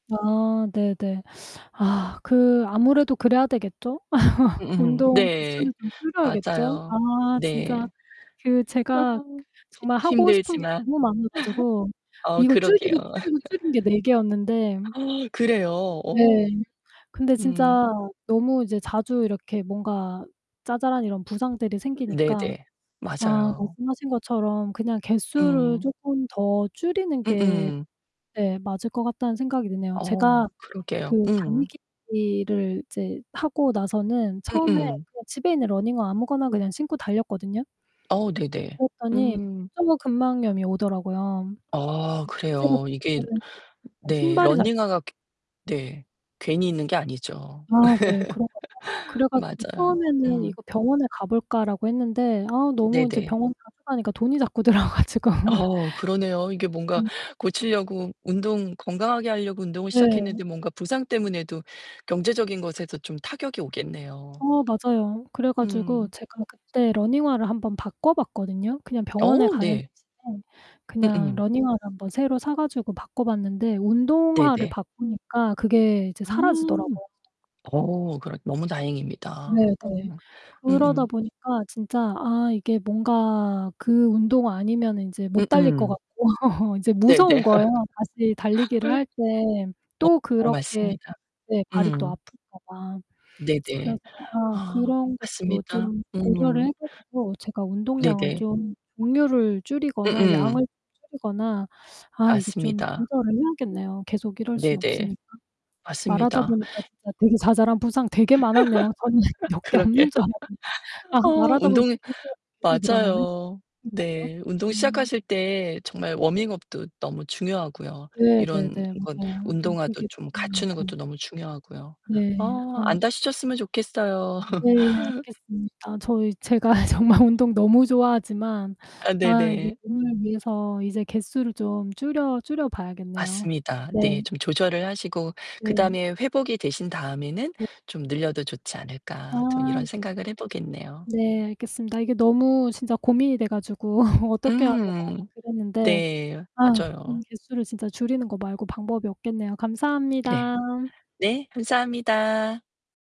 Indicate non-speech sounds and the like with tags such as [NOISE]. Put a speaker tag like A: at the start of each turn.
A: 아. 네네. 아. 그 아무래도 그래야 되겠죠? [LAUGHS]
B: 음음.
A: 운동
B: 네.
A: 개수를 좀 줄여야겠죠?
B: 맞아요.
A: 아 진짜
B: 네.
A: 그
B: 아.
A: 제가
B: 히
A: 정말 하고 싶은 게
B: 힘들지만.
A: 너무 많아 가지고
B: [LAUGHS] 어
A: 이거
B: 그러게요.
A: 줄이고, 줄이고, 줄인 게 4 개였는데
B: [LAUGHS] [GASPS] 그래요?
A: 네.
B: 어.
A: 근데
B: 음.
A: 진짜 너무 이제 자주 이렇게 뭔가 자잘한 이런 부상들이
B: 음
A: 생기니까
B: 네네.
A: 아
B: 맞아요.
A: 말씀하신 것처럼 그냥 개수를
B: 음.
A: 쪼끔 더 줄이는 게
B: 음음.
A: 예 맞을 것 같다는 생각이 드네요.
B: 어.
A: 제가
B: 그러게요.
A: 그
B: 음.
A: 달리기를 이제 하고 나서는 처음에
B: 음음.
A: 그냥 집에 있는 러닝화 아무거나 그냥 신고 달렸거든요.
B: 어. 네네.
A: 그랬더니
B: 음.
A: 족저근막염이 오더라고요.
B: 어
A: 이 자세가
B: 그래요. 이게
A: 잘못됐는지
B: 네
A: 신발이 잘못 됐
B: 러닝화가 괘 네. 괜히 있는 게 아니죠.
A: 아 네. 그런가 봐요. 그래
B: [LAUGHS]
A: 가지고
B: 맞아요.
A: 처음에는
B: 음.
A: '이거 병원에 가볼까.'라고 했는데 아 너무 이제
B: 네네.
A: 병원 자주 가니까 돈이 자꾸 들어 가지고.
B: 어 그러네요. 이게
A: [LAUGHS]
B: 뭔가
A: 음.
B: 고치려고 운동 건강하게 하려고 운동을
A: 네.
B: 시작했는데 뭔가 부상때문에도 경제적인 것에서 좀 타격이 오겠네요.
A: 어 맞아요. 그래 가지고
B: 음.
A: 제가 그때 러닝화를 한번 바꿔봤거든요. 그냥 병원에
B: 어
A: 가는
B: 네.
A: 대신에 그냥
B: 음음.
A: 러닝화를 한번 새로 사 가지고 바꿔봤는데 운동화를
B: 네네.
A: 바꾸니까 그게 이제
B: 음.
A: 사라지더라고요.
B: 어. 그러 너무 다행입니다.
A: 네네.
B: 어
A: 그러다
B: 음음.
A: 보니까 진짜 아 이게 뭔가 그 운동화 아니면은 인제 못 달릴 거
B: 음음.
A: 같고 [LAUGHS] 이제 무서운
B: 네네.
A: 거예요. 다시 달리기를
B: [LAUGHS]
A: 할 때 또
B: 어.
A: 그렇게
B: 맞습니다.
A: 네 발이 또
B: 음.
A: 아플까 봐. 그래서
B: 네네.
A: 아
B: 아
A: 그런 것도
B: 맞습니다.
A: 좀 고려를
B: 음.
A: 해 가지고 제가 운동량을
B: 네네.
A: 좀 종류를 줄이거나
B: 음음.
A: 양을 줄이거나 아 이게 좀
B: 맞습니다.
A: 조절을 해야겠네요. 계속 이럴 순
B: 네네.
A: 없으니까. 말하다
B: 맞습니다.
A: 보니까 진짜 되게 자잘한 부상 되게 많았네요. 저는
B: [LAUGHS]
A: 몇 개
B: 그러게요.
A: 없는 줄 알았는데.
B: [LAUGHS]
A: 아
B: 어
A: 말하다 보니까
B: 운동이
A: 계속 계속 늘어나네.
B: 맞아요.
A: [UNINTELLIGIBLE]
B: 네. 운동
A: 음.
B: 시작하실 때 정말 워밍업도 너무 중요하고요
A: 네
B: 이런
A: 네네.
B: 건
A: 맞아요.
B: 운동화도
A: 몸풀기도
B: 좀 갖추는
A: 중요하고.
B: 것도 너무 중요하고요.
A: 네.
B: 어
A: 아.
B: 안 다치셨으면 좋겠어요.
A: 네.
B: [LAUGHS]
A: 알겠습니다. 저희 제가 정말 운동 너무 좋아하지만
B: 아
A: 아 이제
B: 네네.
A: 몸을 위해서 이제 개수를 좀 줄여 줄여봐야겠네요.
B: 맞습니다.
A: 네.
B: 네, '좀 조절을 하시고
A: 네.
B: 그다음에 회복이 되신 다음에는
A: 네.
B: 좀 늘려도 좋지 않을까.' 좀
A: 아
B: 이런 생각을 해 보겠네요.
A: 네. 알겠습니다. 이게 너무 진짜 고민이 돼 가지고 [LAUGHS] 어떻게 해야 되나
B: 음.
A: 그랬는데
B: 네
A: 아
B: 맞아요.
A: 개수를 진짜 줄이는 거 말고 방법이 없겠네요.
B: 네.
A: 감사합니다.
B: 네. 감사합니다.